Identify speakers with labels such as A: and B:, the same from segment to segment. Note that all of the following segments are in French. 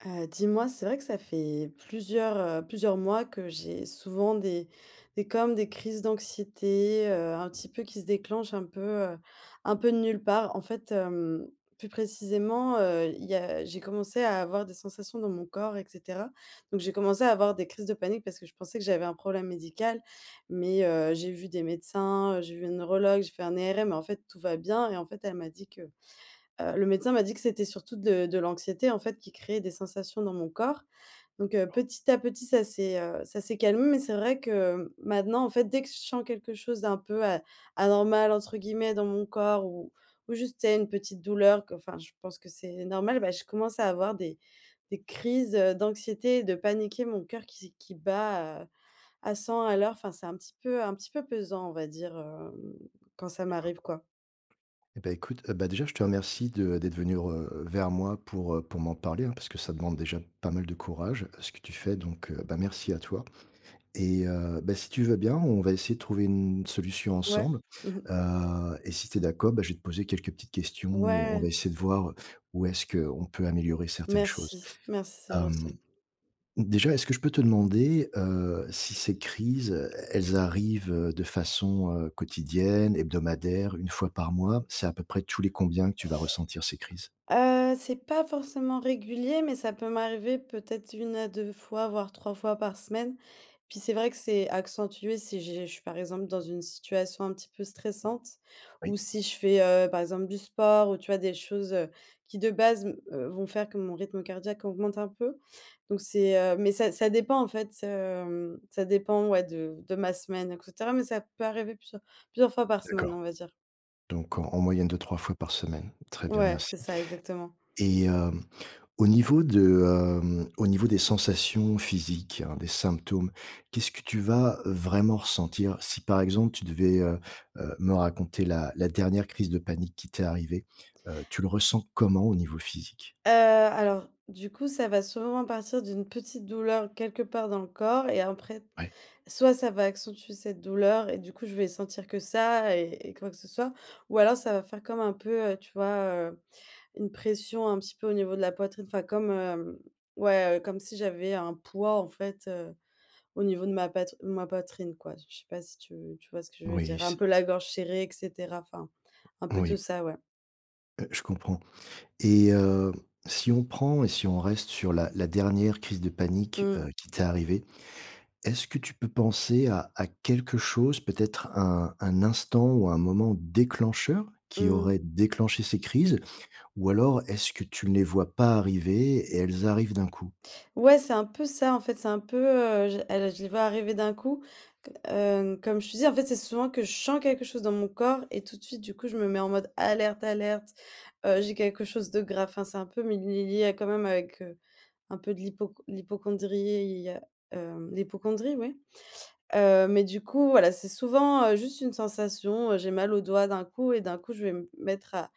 A: Heu, dis-moi, c'est vrai que ça fait plusieurs, heu, plusieurs mois que j'ai souvent des des comme des crises d'anxiété, heu, un petit peu qui se déclenchent un peu, heu, un peu de nulle part. En fait, hem, plus précisément, heu, il y a j'ai commencé à avoir des sensations dans mon corps et cetera. Donc j'ai commencé à avoir des crises de panique parce que je pensais que j'avais un problème médical. Mais, heu, j'ai vu des médecins, j'ai vu une neurologue, j'ai fait un ERM et en fait, tout va bien et en fait, elle m'a dit que, heu, le médecin m'a dit que c'était surtout de de l'anxiété, en fait, qui créait des sensations dans mon corps. Donc, heu,
B: [unintelligible]
A: petit à petit ça c'est, heu, ça s'est calmé, mais c'est vrai que maintenant, en fait, dès que je sens quelque chose d'un peu, heu, «anormal» entre guillemets dans mon corps ou ou juste tu sais une petite douleur que enfin, je pense que c'est normal, bah, je commence à avoir des des crises, heu, d'anxiété et de paniquer. Mon coeur qui se qui bat à à 100 à l'heure. Enfin, c'est un petit peu, un petit peu pesant, on va dire, heu, quand ça
B: D'accord.
A: m'arrive quoi.
B: Et ben écoute, heu, bah, déjà, je te remercie de d'être venu re vers moi pour, heu, pour m'en parler hein, parce que ça demande déjà pas mal de courage, à ce que tu fais donc, heu, bah, merci à toi et heu, bah, si tu veux bien, on va essayer de trouver une solution
A: Ouais.
B: ensemble.
A: Mmh mh.
B: Heu et si tu es d'accord, bah, je vais te poser quelques petites questions et on va
A: Ouais.
B: essayer de voir où est-ce qu'on peut améliorer certaines choses.
A: Merci. Merci, c'est
B: Hem,
A: gentil.
B: déjà, est-ce que je peux te demander, heu, si ces crises, heu, elles arrivent, heu, de façon, heu, quotidienne, hebdomadaire, 1 fois par mois? C'est à peu près tous les combien que tu vas ressentir ces crises?
A: Heu, c'est pas forcément régulier, mais ça peut m'arriver peut-être 1 à 2 fois, voir 3 fois par semaine. Puis c'est vrai que c'est accentué si j'ai je suis, par exemple, dans une situation un petit peu stressante. Ou
B: Oui.
A: si je fais, heu, par exemple du sport ou tu vois des choses, heu, qui de base me, heu, vont faire que mon rythme cardiaque augmente un peu. Donc c'est, heu. Mais ça ça dépend, en fait, heu, ça dépend, ouais de de ma semaine et cetera. Mais ça peut arriver plusieurs plusieurs fois par semaine,
B: D'accord.
A: on va dire.
B: Donc en en moyenne 2-3 fois par semaine. Très bien,
A: Ouais,
B: merci
A: c'est ça, exactement.
B: et hem, au niveau de, hem, au niveau des sensations physiques, heu, des symptômes, qu'est-ce que tu vas vraiment ressentir? Si par exemple, tu devais, heu heu, me raconter la la dernière crise de panique qui t'est arrivé, heu, tu le ressens comment au niveau physique?
A: Heu, alors. Du coup, ça va sûrement partir d'une petite douleur quelque part dans le corps et après t
B: Ouais.
A: soit ça va accentuer cette douleur et du coup, je vais sentir que ça et et quoi que ce soit, ou alors ça va faire comme un peu, heu, tu vois, heu, une pression un petit peu au niveau de la poitrine, enfin comme, heu, ouais, heu, comme si j'avais un poids, en fait, heu, au niveau de ma pat ma poitrine quoi. Je je sais pas si tu tu vois ce que je veux
B: Oui
A: dire. Un
B: c'est
A: peu la gorge serrée et cetera enfin. Un peu tout
B: Oui.
A: ça, ouais.
B: Heu, je comprends et hem, si on prend et si on reste sur la la dernière crise de
A: Mmh
B: panique,
A: mh.
B: heu, qui t'est arrivée. Est-ce que tu peux penser à à quelque chose, peut-être à un un instant ou un moment déclencheur? Qui
A: Mmh.
B: aurait déclenché ces crises ou alors est-ce que tu ne les vois pas arriver et elles arrivent d'un coup?
A: Ouais, c'est un peu ça en fait, c'est un peu, heu, j elle je les vois arriver d'un coup c heu, comme je te dis en fait, c'est souvent que je sens quelque chose dans mon corps et tout de suite du coup, je me mets en mode alerte, alerte, heu, j'ai quelque chose de grave, enfin, c'est un peu mé lié lié quand même avec, heu, un peu de l'hypoc l'hypocondrie, heu, hem, l'hypocondrie, oui, heu, mais du coup, voilà, c'est souvent, heu, juste une sensation, heu, j'ai mal au doigt d'un coup et d'un coup, je vais me p mettre à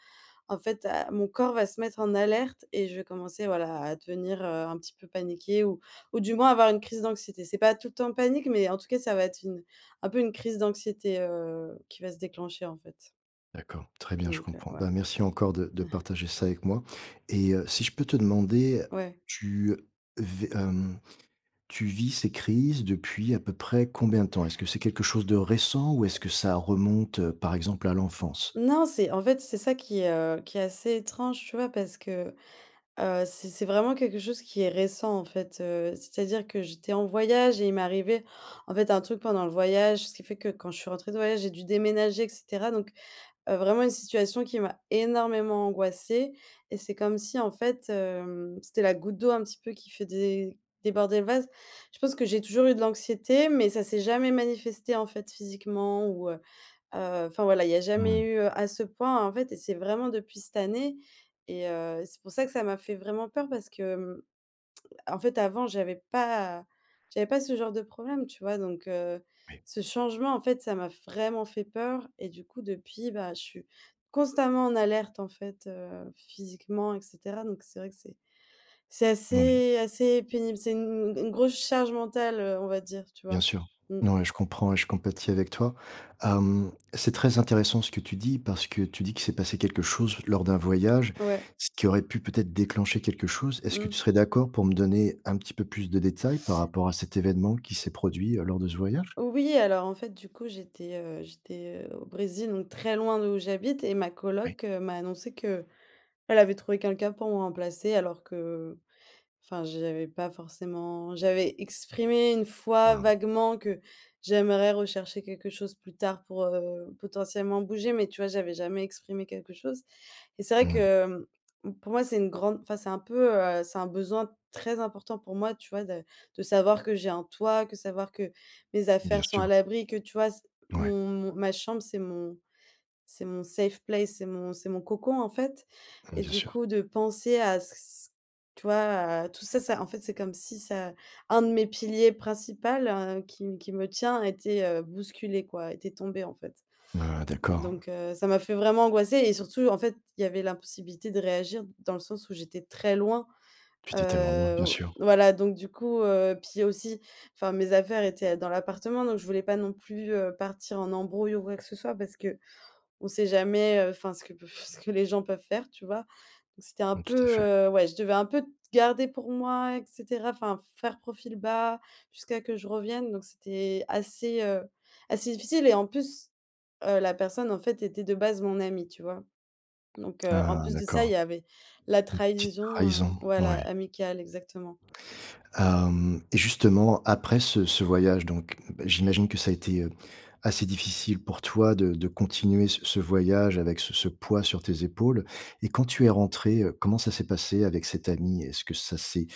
A: en fait à mon corps va se mettre en alerte et je vais commencer voilà, à devenir, heu, un petit peu paniquée ou ou du moins avoir une crise d'anxiété. C'est pas tout temps en panique, mais en tout cas, ça va être une un peu une crise d'anxiété, heu, qui va se déclencher, en fait.
B: D'accord, très bien, je
A: Donc, heu,
B: comprends.
A: ouais.
B: Ben merci encore de de partager ça avec moi et heu, si je peux te demander,
A: Ouais.
B: tu vé hem, tu vis ces crises depuis à peu près combien de temps? Est-ce que c'est quelque chose de récent ou est-ce que ça remonte, par exemple, à l'enfance?
A: Non, c'est en fait, c'est ça qui est, heu, qui est assez étrange, tu vois? Parce que, heu, c c'est vraiment quelque chose qui est récent, en fait, heu, c'est-à-dire que j'étais en voyage et il m'est arrivait en fait un truc pendant le voyage. Ce qui fait que quand je suis rentrée de voyage, j'ai dû déménager et cetera donc, heu, vraiment une situation qui m'a énormément angoissée et c'est comme si en fait, hem, c'était la goutte d'eau, un petit peu, qui fait dé déborder le vase. Je pense que j'ai toujours eu de l'anxiété, mais ça s'est jamais manifesté, en fait, physiquement ou, heu heu, enfin, voilà, il y a jamais
B: Mmh.
A: eu, heu, à ce point, en fait et c'est vraiment depuis cette année et heu, c'est pour ça que ça m'a fait vraiment peur parce que, mmh, en fait, avant, j'avais pas j'avais pas ce genre de problème, tu vois? Donc, heu,
B: Oui.
A: ce changement, en fait, ça m'a f vraiment fait peur et du coup depuis, bah je suis constamment en alerte en fait, heu, physiquement et cetera donc c'est vrai que c'est c'est
B: Moui.
A: assez assez pénible. C'est une une grosse charge mentale, heu, on va dire, tu
B: Bien
A: vois?
B: sûr.
A: Mmh.
B: N ouais, je comprends et je compatis avec toi, hem, c'est très intéressant ce que tu dis parce que tu dis qu'il s'est passé quelque chose lors d'un voyage,
A: Ouais.
B: ce qui aurait pu peut-être déclencher quelque chose. Est-ce que tu
A: Mmh.
B: serais d'accord pour me donner un petit peu plus de détails, par rapport à cet événement qui s'est produit, heu, lors de ce voyage?
A: Oui, alors en fait, du coup, j'étais, heu, j'étais, heu, au Brésil donc très loin d'où j'habite et ma
B: Oui.
A: colloc, heu, m'a annoncé qu'elle avait trouvé quelqu'un pour me remplacer alors que enfin, j'avais pas forcément j'avais exprimé 1 fois
B: Mmh.
A: vaguement que j'aimerais rechercher quelque chose plus tard pour, heu, potentiellement bouger, mais tu vois, j'avais jamais exprimé quelque chose et c'est vrai
B: Mmh.
A: que, mmh, pour moi, c'est une grande, enfin, c'est un peu, heu, c'est un besoin très important pour moi, tu vois de de savoir que j'ai un toit, que savoir que mes
B: Bien
A: affaires sont à
B: sûr.
A: l'abri, que, tu vois c
B: Ouais.
A: mon mon ma chambre, c'est mon c'est mon safe place, c'est mon c'est mon cocon, en fait
B: Mmh,
A: et
B: bien
A: du
B: sûr.
A: coup de penser à ç ç tu vois, à tout ça ça en fait c'est comme si ça un de mes piliers principal, heu, qui m qui me tient a été, heu, bousculé, quoi, était tombé, en fait.
B: Ah d'accord.
A: Donc, heu, ça m'a fait vraiment angoisser et surtout en fait, il y avait l'impossibilité de réagir dans le sens où j'étais très loin,
B: Tu étais tellement loin,
A: heu,
B: bien sûr.
A: voilà, donc du coup, heu, puis aussi, enfin mes affaires étaient, heu, dans l'appartement, donc je voulais pas non plus, heu, partir en embrouille ou quoi que ce soit parce qu'on sait jamais, heu, enfin ce que peut f ce que les gens peuvent faire, tu vois? Donc c'était un
B: Mmh, tout à
A: peu,
B: fait.
A: heu, ouais, je devais un peu t garder pour moi et cetera, enfin, faire profil bas jusqu'à que je revienne donc c'était assez, heu, assez difficile et en plus, heu, la personne, en fait, était de base mon amie, tu vois? Donc, heu, en
B: Ah
A: plus de ça, il
B: d'accord.
A: y avait la
B: Une petite
A: trahison, heu,
B: trahison,
A: voilà,
B: ouais.
A: amicale, exactement.
B: Hem et justement, après ce ce voyage donc bah j'imagine que ça a été, heu, assez difficile pour toi de de continuer ce ce voyage avec ce ce poids
A: Mmh.
B: sur tes épaules? Et quand tu es rentrée, heu, comment ça s'est passé avec cette amie? Est-ce que ça s'est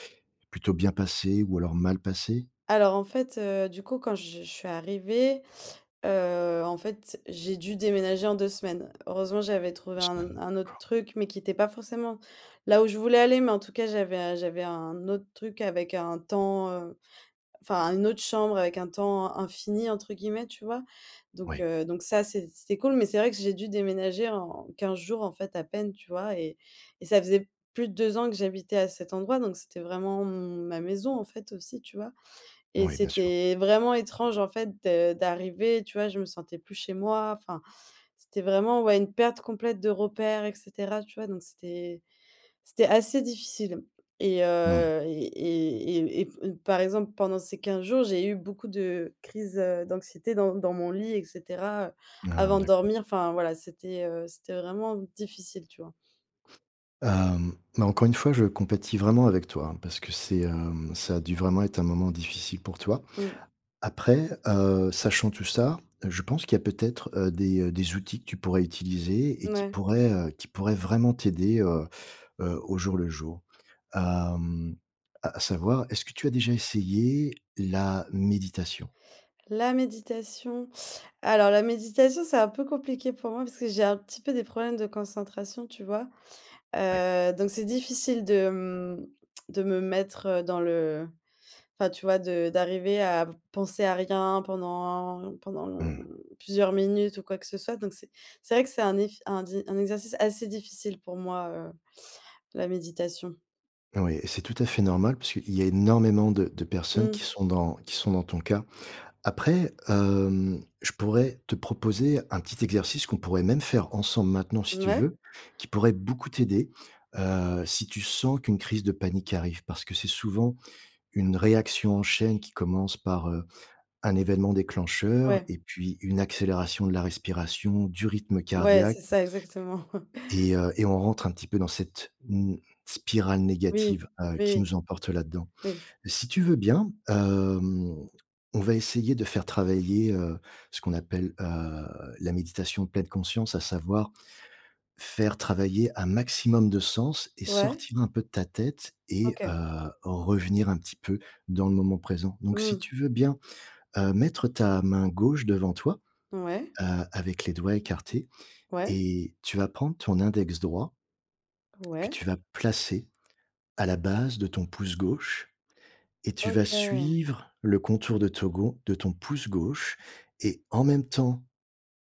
B: plutôt bien passé ou alors mal passé?
A: Alors, en fait, heu, du coup, quand je je suis arrivée, heu, en fait, j'ai dû déménager en 2 semaines. Heureusement, j'avais trouvé
B: 2
A: un n
B: semaines,
A: un autre
B: d'accord.
A: truc mais qui était pas forcément là où je voulais aller, mais en tout cas, j'avais j'avais un autre truc avec un temps, heu, enfin une autre chambre avec «un temps infini» entre guillemets, tu vois? Donc,
B: Oui.
A: heu, donc ça c'é c'était cool mais c'est vrai que j'ai dû déménager en 15 jours en fait à peine, tu vois? Et et ça faisait plus de 2 ans que j'habitais à cet endroit donc c'était vraiment mon ma maison en fait, aussi, tu vois? Et
B: Oui, bien sûr.
A: c'était vraiment étrange en fait de d'arriver, tu vois, je me sentais plus chez moi, enfin, c'était vraiment, ouais, une perte complète de repère et cetera, tu vois? Donc c'était c'était assez difficile et
B: Moui.
A: heu et et et et p et par exemple, pendant ces 15 jours, j'ai eu beaucoup de crise, heu, d'anxiété dans dans mon lit et cetera, heu,
B: Ah
A: avant de
B: d'accord.
A: dormir, enfin, voilà, c'était, heu, c'était vraiment difficile, tu vois?
B: Hem, bah, encore une fois, je compatis vraiment avec toi, hein, parce que c'est, hem, ça a dû vraiment être un moment difficile pour toi.
A: Mmh.
B: Après, heu, sachant tout ça, je pense qu'il y a peut-être, heu, des, heu, des outils que tu pourrais utiliser et
A: Mmh
B: qui
A: ouais.
B: pourraient, heu, qui pourraient vraiment t'aider, heu heu, au jour le jour. Hem, à à savoir, est-ce que tu as déjà essayé la méditation?
A: La méditation. Alors la méditation, c'est un peu compliqué pour moi parce que j'ai un petit peu des problèmes de concentration. Tu vois?
B: Oui.
A: Heu, donc c'est difficile de, mmh, de me mettre dans le enfin, tu vois de d'arriver à v penser à rien pendant pendant
B: Mmh.
A: lon plusieurs minutes ou quoi que ce soit donc c'est c'est vrai que c'est un eff un di un exercice assez difficile pour moi, heu, la méditation.
B: Heu, oui, c'est tout à fait normal parce qu'il y a énormément de de personnes qui
A: Mmh.
B: sont dans qui sont dans ton cas. Après, hem, je pourrais te proposer un petit exercice qu'on pourrait même faire ensemble maintenant si tu
A: Mouais.
B: veux, qui pourrait beaucoup t'aider, heu, si tu sens qu'une crise de panique arrive parce que c'est souvent une réaction en chaîne qui commence par, heu, un événement déclencheur
A: Ouais.
B: et puis une accélération de la respiration du rythme
A: Ouais,
B: cardiaque
A: c'est ça exactement.
B: et heu, et on rentre un petit peu dans cette, mmh, spirale
A: Oui,
B: négative, heu, qui
A: oui.
B: nous emporte là-dedans.
A: Oui.
B: Si tu veux bien, hem, on va essayer de faire travailler, heu, ce qu'on appelle, heu, la méditation pleine conscience, à savoir, faire travailler un maximum de sens et
A: Ouais.
B: sortir un peu de ta tête et heu,
A: OK.
B: revenir un petit peu dans le moment présent, donc si
A: Mmh.
B: tu veux bien, heu, mettre ta main gauche devant toi,
A: Ouais.
B: heu, avec les doigts écartés
A: Ouais.
B: et tu vas prendre ton index droit que
A: Ouais.
B: tu vas placer à la base de ton pouce gauche et tu vas
A: OK.
B: suivre le contour de to gau de ton pouce gauche et en même temps,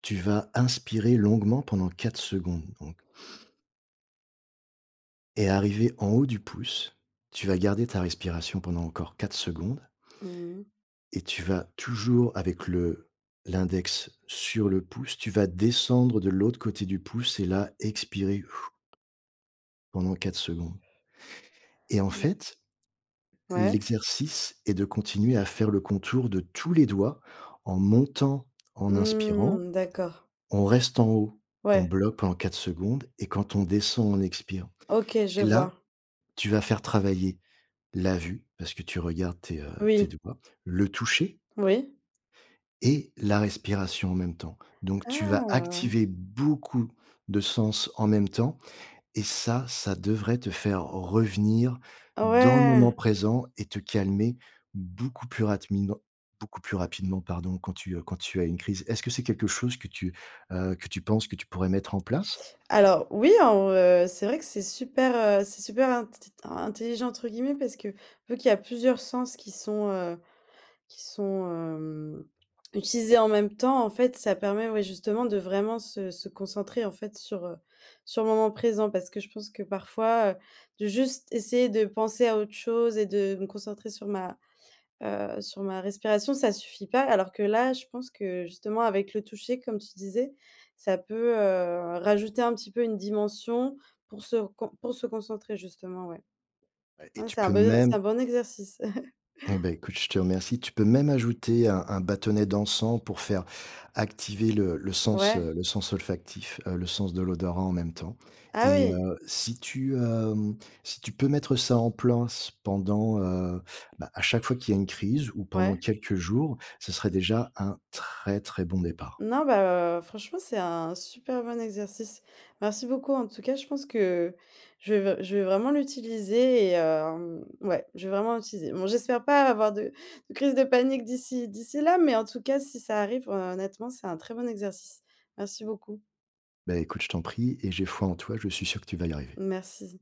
B: tu vas inspirer longuement pendant 4 secondes donc Et arrivé en haut du pouce, tu vas garder ta respiration pendant encore 4 secondes
A: Mmh mh.
B: et tu vas toujours avec le l'index sur le pouce, tu vas descendre de l'autre côté du pouce et là, expirer pendant 4 secondes. Et en
A: Mmh.
B: fait,
A: Ouais.
B: l'exercice est de continuer à faire le contour de tous les doigts en montant, en inspirant,
A: Mmh! D'accord.
B: on reste en haut, on
A: Ouais.
B: bloque pendant 4 secondes et quand on descend, on expire
A: OK, je
B: et là,
A: vois.
B: tu vas faire travailler la vue, parce que tu regardes tes, heu, tes
A: Oui.
B: doigts, le toucher
A: Oui.
B: et la respiration en même temps. Donc tu vas
A: Ah!
B: activer beaucoup de sens en même temps et ça, ça devrait te faire revenir
A: Ah
B: dans le moment
A: ouais!
B: présent et te calmer beaucoup plus rapidement beaucoup plus rapidement pardon, quand tu, heu, quand tu as une crise. Est-ce que c'est quelque chose que tu, heu, que tu penses que tu pourrais mettre en place?
A: Alors oui alors, heu, c'est vrai que c'est super, heu, c'est super int tt intelligent entre guillemets parce que, vu qu'il y a plusieurs sens qui sont, heu, qui sont, hem, utilisés en même temps, en fait, ça permet ouais justement de vraiment se se concentrer en fait sur, heu, sur le moment présent parce que je pense que parfois, heu, de juste essayer de penser à autre chose et de me concentrer sur ma, heu, sur ma respiration, ça suffit pas, alors que là, je pense que justement avec le toucher comme tu disais, ça peut, heu, rajouter un petit peu une dimension pour se recon pour se concentrer justement, ouais.
B: Et
A: Mmh,
B: tu
A: c'est un
B: peux
A: bon c'est
B: même
A: un bon exercice.
B: Eh beh, écoute, je te remercie. Tu peux même ajouter un un bâtonnet d'encens pour faire activer le le sens,
A: Ouais.
B: heu, le sens olfactif, heu, le sens de l'odorat en même temps
A: Ah
B: et
A: oui!
B: heu, si tu, hem, si tu peux mettre ça en place pendant, heu, bah, à chaque fois qu'il y a une crise ou pendant
A: Ouais.
B: quelques jours, ce serait déjà un très très bon départ.
A: Non, bah, heu, franchement, c'est un super bon exercice. Merci beaucoup en tout cas, je pense que je vais v je vais vraiment l'utiliser et hem, ouais, je vais vraiment l'utiliser. Bon j'espère pas avoir de de crise de panique d'ici d'ici là, mais en tout cas si ça arrive, heu, honnêtement, c'est un très bon exercice. Merci beaucoup.
B: Beh, écoute, je t'en prie, et j'ai foi en toi, je suis sûr que tu vas y arriver.
A: Merci.